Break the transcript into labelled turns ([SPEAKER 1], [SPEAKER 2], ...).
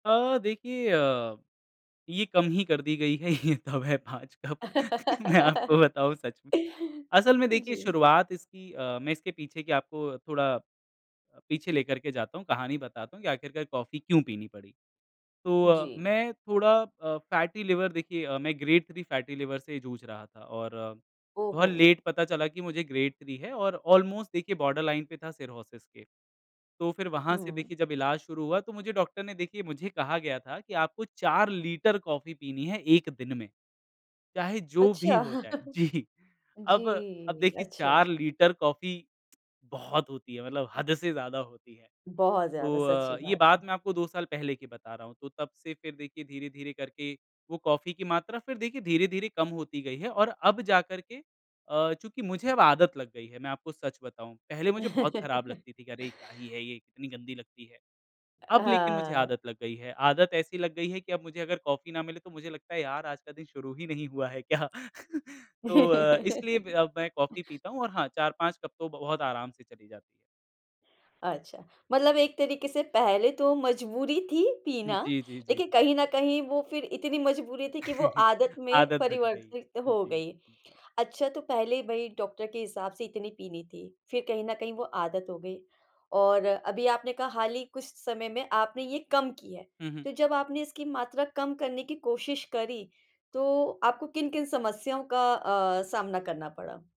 [SPEAKER 1] अ, देखिए अ, ये कम ही कर दी गई है। ये तब है 5 कप मैं आपको बताऊँ सच में असल में देखिए
[SPEAKER 2] जी।
[SPEAKER 1] शुरुआत इसकी अ, मैं इसके पीछे की आपको थोड़ा अ, पीछे लेकर के जाता हूँ। कहानी बताता हूँ कि आख़िरकार कॉफ़ी क्यों पीनी पड़ी। तो
[SPEAKER 2] जी।
[SPEAKER 1] मैं थोड़ा अ, फैटी लिवर देखिए मैं ग्रेड थ्री फैटी लिवर से जूझ रहा था और बहुत
[SPEAKER 2] ओहो!
[SPEAKER 1] लेट पता चला कि मुझे ग्रेड थ्री है और ऑलमोस्ट देखिए बॉर्डर लाइन पे था सिरहोसिस के। तो फ़िर वहाँ से
[SPEAKER 2] हुँ।
[SPEAKER 1] देखिए जब इलाज शुरू हुआ तो मुझे डॉक्टर ने देखिए मुझे कहा गया था कि आपको 4 लीटर कॉफ़ी पीनी है 1 दिन में। चाहे जो भी
[SPEAKER 2] अच्छा।
[SPEAKER 1] हो जाए। जी
[SPEAKER 2] जी,
[SPEAKER 1] अब अब देखिए
[SPEAKER 2] अच्छा।
[SPEAKER 1] 4 लीटर कॉफी बहुत होती है। मतलब हद से ज़्यादा होती है।
[SPEAKER 2] बहुत ज़्यादा सच्ची
[SPEAKER 1] तो ये
[SPEAKER 2] बात है।
[SPEAKER 1] बात मैं आपको 2 साल पहले की बता रहा हूँ। तो तब से फ़िर देखिए धीरे-धीरे करके वो कॉफ़ी की मात्रा फ़िर देखिए धीरे-धीरे कम होती गई है और अब जा करके अ, चूँकि मुझे अब आदत लग गई है मैं आपको सच बताऊँ। पहले मुझे बहुत ख़राब लगती थी कि अरे! क्या ही है ये कितनी गंदी लगती है। अब लेकिन मुझे
[SPEAKER 2] हाँ।
[SPEAKER 1] आदत लग गई है। आदत ऐसी लग गई है कि अब मुझे अगर कॉफ़ी ना मिले तो मुझे लगता है यार आज का दिन शुरू ही नहीं हुआ है क्या तो इसलिए अब मैं कॉफी पीता हूँ और हाँ 4-5 कप तो बहुत आराम से चली जाती है।
[SPEAKER 2] अच्छा। मतलब एक तरीक़े से पहले तो मजबूरी थी
[SPEAKER 1] हुँ।
[SPEAKER 2] पीना।
[SPEAKER 1] जी, जी, जी।
[SPEAKER 2] लेक़िन कहीं न कहीं वो फ़िर इतनी मजबूरी थी कि वो आदत में
[SPEAKER 1] आदत बन गयी।
[SPEAKER 2] परिवर्तित
[SPEAKER 1] हाँ
[SPEAKER 2] हो
[SPEAKER 1] जी।
[SPEAKER 2] गई।
[SPEAKER 1] जी।
[SPEAKER 2] अच्छा तो पहले भई डॉक्टर के हिसाब से इतनी पीनी थी फ़िर कहीं न कहीं वो आदत हो गई। और अभी आपने कहा हाल ही कुछ समय में आपने ये कम की है
[SPEAKER 1] हुँ, हुँ।
[SPEAKER 2] तो जब आपने इसकी मात्रा कम करने की कोशिश करी तो आपको किन-किन समस्याओं का अ, सामना करना पड़ा?